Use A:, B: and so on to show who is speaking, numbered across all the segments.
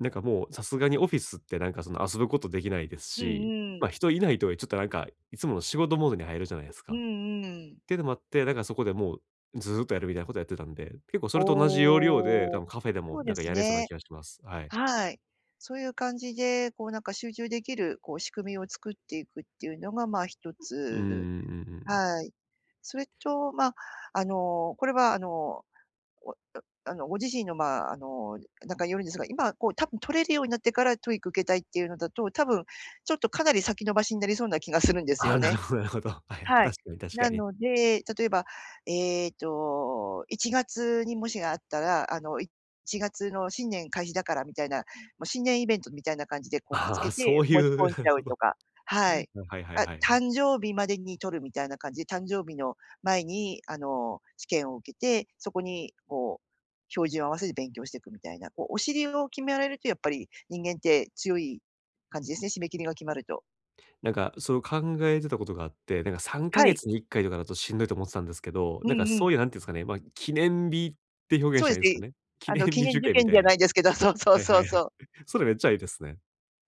A: なんかもう、さすがにオフィスってなんかその遊ぶことできないです
B: う
A: し、
B: んう
A: ま、
B: ん。
A: 人いないとちょっとなんか、いつもの仕事モードに入るじゃないです
B: う
A: か。っ
B: んうん。
A: ていうのもあって、だからそこでもうずうっとやるみたいなことをやってたんで、結構それと同じ要領で、
B: お
A: 多
B: お、
A: 分カフェでも
B: そう
A: な
B: で
A: んか
B: す
A: やれそうな
B: ね。
A: 気がします。はい。
B: はい。そういう感じで、こうなんか集中できるこう仕組みを作っていくっていうのがまあ、ひと
A: うんう
B: つ。
A: んうんうんうん。
B: はい。それとまあ、あのこれはあの、おおあのご自身のまあ、あのなんかによるんですが、今こう多分取れるようになってから TOEIC 受けたいっていうのだと、多分ちょっとかなり先延ばしになりそうな気がするんです
A: ああ、
B: よ
A: なる
B: ね。
A: ほどなるほど。はいはい。
B: はい。
A: 確かに確か
B: な
A: に。
B: ので、例えばえっと1月に模試があったら、あの1月の新年開始だからみたいな、もう新年イベントみたいな感じでこう見つ
A: あ
B: け
A: あ、
B: て
A: そうい
B: 申し
A: う
B: 込ん
A: な
B: じ
A: る
B: ゃ
A: ほ
B: う
A: ど。
B: とか。はい。
A: はいはい
B: あ、
A: はいはい。
B: 誕生日までに取るみたいな感じで、誕生日の前にあの試験を受けて、そこにこう、照準を合わせて勉強していくみたいな、こうお尻を決められると、やっぱり人間って強い感じですね、締め切りが決まると。
A: なんか、そう考えてたことがあって、なんかさんか
B: は
A: げ
B: い。
A: つに1回とかだとしんどいと思ってたんですけど、
B: う
A: なんか
B: んうん。
A: そういうなんて言うんですかね、ま、記念日って表現
B: そう
A: し
B: で
A: たら
B: す
A: いいんですか
B: ね、
A: ね。記
B: あ
A: 念
B: の記
A: 日
B: 念
A: 受
B: 受
A: 験み
B: 験
A: た
B: じ
A: い
B: ゃ
A: な。
B: ないですけど、そうそう
A: はい
B: そ
A: は
B: う
A: いはい。
B: そう。
A: それめっちゃええですね。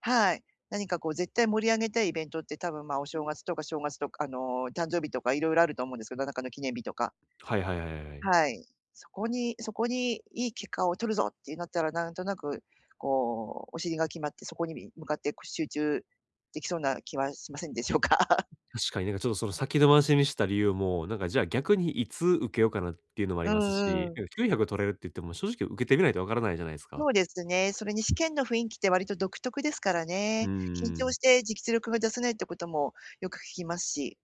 B: はい。何かこう絶対盛り上げたいイベントって多分ま、お正月とか、正月とかあの誕生日とか色々と思うんですけど、何らかの記念日とか。
A: はいはいはいはいはい。
B: はい。そこにそこにいい結果を取るぞってなったら、なんとなくこうお尻が決まって、そこに向かって集中できそうな気はしませんでしょうか？
A: 確かになんかちょっとその先伸ばしにした理由も、なんかじゃあ逆にいつ受けようかなっていうのもあ
B: う
A: ります
B: ん
A: し、
B: うん。
A: なんか900取れるって言っても正直受けてみないと分からないじゃないですか。
B: そうですね、それに試験の雰囲気って割と独特ですから
A: う
B: ね。
A: ん
B: 緊
A: う
B: 張
A: ん。
B: して実力が出せないってこともよく聞きますし。